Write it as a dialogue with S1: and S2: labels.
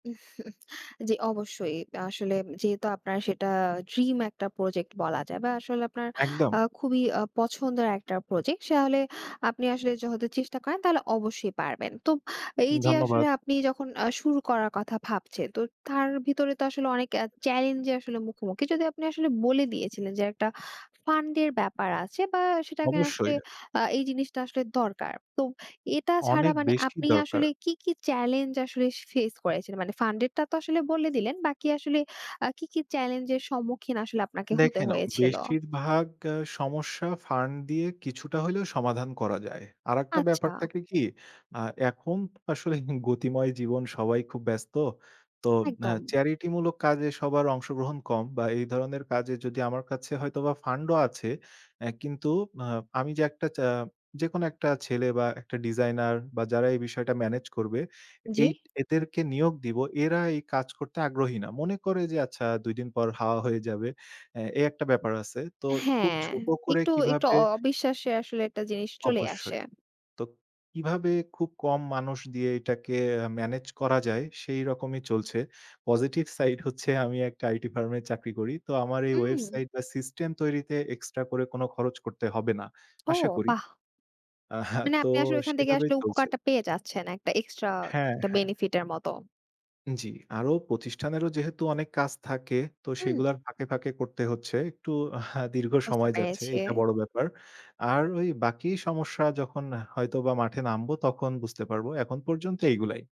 S1: জি, অবশ্যই। আসলে, উম যেহেতু আপনার সেটা ড্রিম একটা প্রজেক্ট বলা যায় বা আসলে, আপনার
S2: একদম।
S1: আ খুবই আ পছন্দের একটা প্রজেক্ট। তাহলে আপনি আসলে, যদি যখন চেষ্টা করেন, তাহলে অবশ্যই পারবেন। তো এই যে, আসলে,
S2: ধন্যবাদ।
S1: আপনি যখন আ শুরু করার কথা ভাবছেন। তো তার ভিতরে তো আসলে, অনেক এ চেলেঞ্জ যে, আসলে মুখোমুখি, যদিও আপনি আসলে বলে দিয়েছিলেন যে, একটা ফান্ডের ব্যাপার আছে বা সেটাকে আসলে,
S2: অবশ্যই।
S1: আ এই জিনিসটা আসলে দরকার। তো এটা ছাড়া
S2: অনেক
S1: মানে
S2: বেশি
S1: আপনি
S2: দরকার।
S1: আসলে কি, কি চেলেঞ্জ আসলে ফেস করেছিলেন? মানে ফান্ডেরটা তো আসলে বলে দিলেন। বাকি আসলে আ কি, কি চেলেঞ্জের সম্মুখীন আসলে আপনাকে হতে
S2: দেখেন, অ
S1: হয়েছিল?
S2: বেশিরভাগ সমস্যা, ফান্ড দিয়ে কিছুটা হইলেও সমাধান করা যায়। আরেকটা ব্যাপার
S1: আচ্ছা।
S2: থাকে কি? অ্যা এখন তো আসলে গতিময় জীবন সবাই খুব ব্যস্ত। তো অ্যা
S1: একদম।
S2: চ্যারিটি মূলক কাজে সবার অংশগ্রহণ কম বা এই ধরনের কাজে যদি আমার কাছে হয়তোবা ফান্ড ও আছে। অ্যা কিন্তু অ আমি যে, একটা চা যেকোনো একটা ছেলে বা একটা ডিজাইনার বা যারা এই বিষয়টা মেনেজ করবে,
S1: জি।
S2: এইট এদেরকে নিয়োগ দিব। এরা এই কাজ করতে আগ্রহী না। মনে করে যে, "আচ্ছা ২ দিন পর হাওয়া হয়ে যাবে।" অ্যা এই একটা ব্যাপার আছে। তো খুব
S1: হ্যাঁ,
S2: ছোট করে
S1: একটু, একটু
S2: কিভাবে
S1: অ অবিশ্বাসের আসলে একটা জিনিস চলে আসে।
S2: অবশ্যই। তো কিভাবে খুব কম মানুষ দিয়ে এটাকে মেনেজ করা যায়? সেই রকমই চলছে। পজিটিভ সাইড হচ্ছে, আমি একটা আইটি ফার্মে চাকরি, করি। তো আমার এই
S1: উম।
S2: ওয়েবসাইট বা সিস্টেম তৈরিতে এক্সট্রা করে কোনো খরচ করতে হবে না। আশা
S1: ও!
S2: করি।
S1: বাহ!
S2: আ
S1: মানে
S2: তো
S1: আপনি আসলে, ওখান থেকে
S2: সেভাবেই
S1: আসলে,
S2: চলছে।
S1: উপকারটা পেয়ে যাচ্ছেন। একটা এক্সট্রা
S2: হ্যাঁ,
S1: দ্যা
S2: হ্যাঁ।
S1: বেনিফিট এর মত।
S2: জি। আরো প্রতিষ্ঠানেরও যেহেতু অনেক কাজ থাকে, তো
S1: হুম।
S2: সেগুলোর ফাঁকে, ফাঁকে করতে হচ্ছে। একটু দীর্ঘ
S1: বুঝতে
S2: সময় যাচ্ছে।
S1: পেরেছি।
S2: এটা বড় ব্যাপার। আর ওই বাকি সমস্যা, যখন হয়তোবা মাঠে নামবো তখন বুঝতে পারব। এখন পর্যন্ত এইগুলাই।